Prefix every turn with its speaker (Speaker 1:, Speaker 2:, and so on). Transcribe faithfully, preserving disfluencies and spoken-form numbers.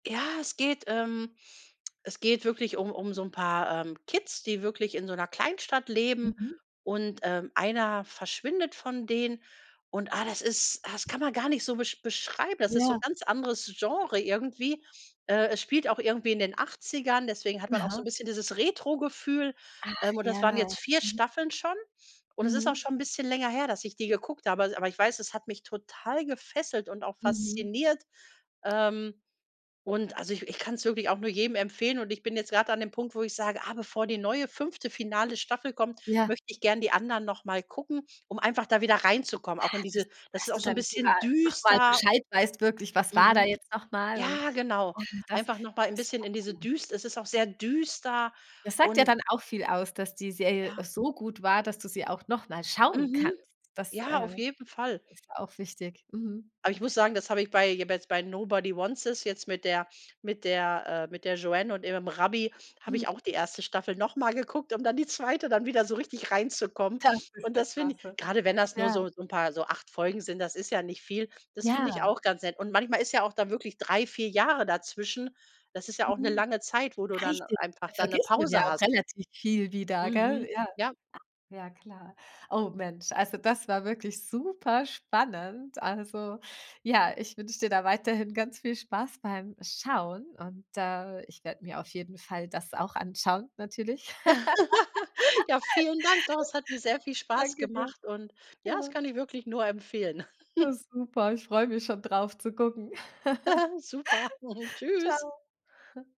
Speaker 1: Ja, es geht ähm, es geht wirklich um um so 'n paar, ähm, Kids, die wirklich in so 'ner Kleinstadt leben
Speaker 2: Mhm.
Speaker 1: und, ähm, einer verschwindet von denen. Und, ah, das ist das kann man gar nicht so be beschreiben, das ist so 'n
Speaker 2: Ja.
Speaker 1: ganz anderes Genre irgendwie. Äh, es spielt auch irgendwie in den Achtzigern, deswegen hat man auch so
Speaker 2: Aha.
Speaker 1: 'n bisschen dieses Retrogefühl,
Speaker 2: Ach,
Speaker 1: ähm, und das waren
Speaker 2: ja.
Speaker 1: jetzt vier
Speaker 2: Mhm.
Speaker 1: Staffeln schon und es ist auch
Speaker 2: Mhm.
Speaker 1: schon 'n bisschen länger her, dass ich die geguckt habe, aber aber ich weiß, es hat mich total gefesselt und auch
Speaker 2: Mhm.
Speaker 1: fasziniert, ähm, und, also, i ich kann's wirklich auch nur jedem empfehlen. Und ich bin jetzt grad da an dem Punkt, wo ich sage: „Ah, bevor die neue fünfte finale Staffel kommt,
Speaker 2: Ja.
Speaker 1: möchte ich gern die anderen noch mal gucken, um einfach da wieder reinzukommen, auch in
Speaker 2: Ah, dass
Speaker 1: diese” das
Speaker 2: dass
Speaker 1: ist auch
Speaker 2: du
Speaker 1: so 'n
Speaker 2: dann
Speaker 1: bisschen
Speaker 2: sogar noch mal
Speaker 1: düster.
Speaker 2: Bescheid weißt, wirklich, was war da
Speaker 1: Mhm.
Speaker 2: jetzt noch mal und
Speaker 1: Ja, genau.
Speaker 2: und das
Speaker 1: Einfach noch mal ein 'n
Speaker 2: das
Speaker 1: bisschen
Speaker 2: war
Speaker 1: in diese
Speaker 2: gut.
Speaker 1: düs es ist auch sehr düster
Speaker 2: Das sagt ja
Speaker 1: und
Speaker 2: dann auch viel aus, dass die Serie
Speaker 1: Ja.
Speaker 2: so gut war, dass du sie auch noch mal schauen
Speaker 1: Mhm.
Speaker 2: kannst. Das,
Speaker 1: Ja,
Speaker 2: äh,
Speaker 1: auf jeden Fall.
Speaker 2: ist auch wichtig. Mhm.
Speaker 1: Aber ich muss sagen, das habe ich bei jetzt bei „Nobody Wants This“ jetzt mit der mit der, äh, mit der Joanne und ihrem Rabbi habe
Speaker 2: Mhm.
Speaker 1: ich auch die erste Staffel noch mal geguckt, um dann die zweite dann wieder so richtig reinzukommen.
Speaker 2: Das ist
Speaker 1: Und
Speaker 2: ja
Speaker 1: das finde i
Speaker 2: klasse.
Speaker 1: grade wenn das nur
Speaker 2: Ja.
Speaker 1: so so 'n paar so acht Folgen sind, das ist ja nicht viel das finde ich
Speaker 2: Ja.
Speaker 1: auch ganz nett. Und manchmal ist ja auch da wirklich drei, vier Jahre dazwischen. Das ist ja auch 'ne
Speaker 2: Mhm.
Speaker 1: lange Zeit, wo du dann
Speaker 2: Richtig,
Speaker 1: einfach dann 'ne
Speaker 2: vergisst man ja
Speaker 1: Pause
Speaker 2: auch
Speaker 1: hast.
Speaker 2: relativ viel wieder, gell?
Speaker 1: Mhm.
Speaker 2: Ja,
Speaker 1: Ja.
Speaker 2: ja klar. Oh Mensch, also das war wirklich superspannend. Also, ja, ich wünsche dir da weiterhin ganz viel Spaß beim Schauen und, äh, ich werde mir auf jeden Fall das auch anschauen, natürlich.
Speaker 1: Ja, vielen Dank. Doch, es hat mir sehr viel Spaß
Speaker 2: Danke dir.
Speaker 1: gemacht und, ja, das
Speaker 2: Ja.
Speaker 1: kann ich wirklich nur empfehlen.
Speaker 2: Das ist super, ich freue mich schon drauf zu gucken.
Speaker 1: Super. Tschüss.
Speaker 2: Tschau.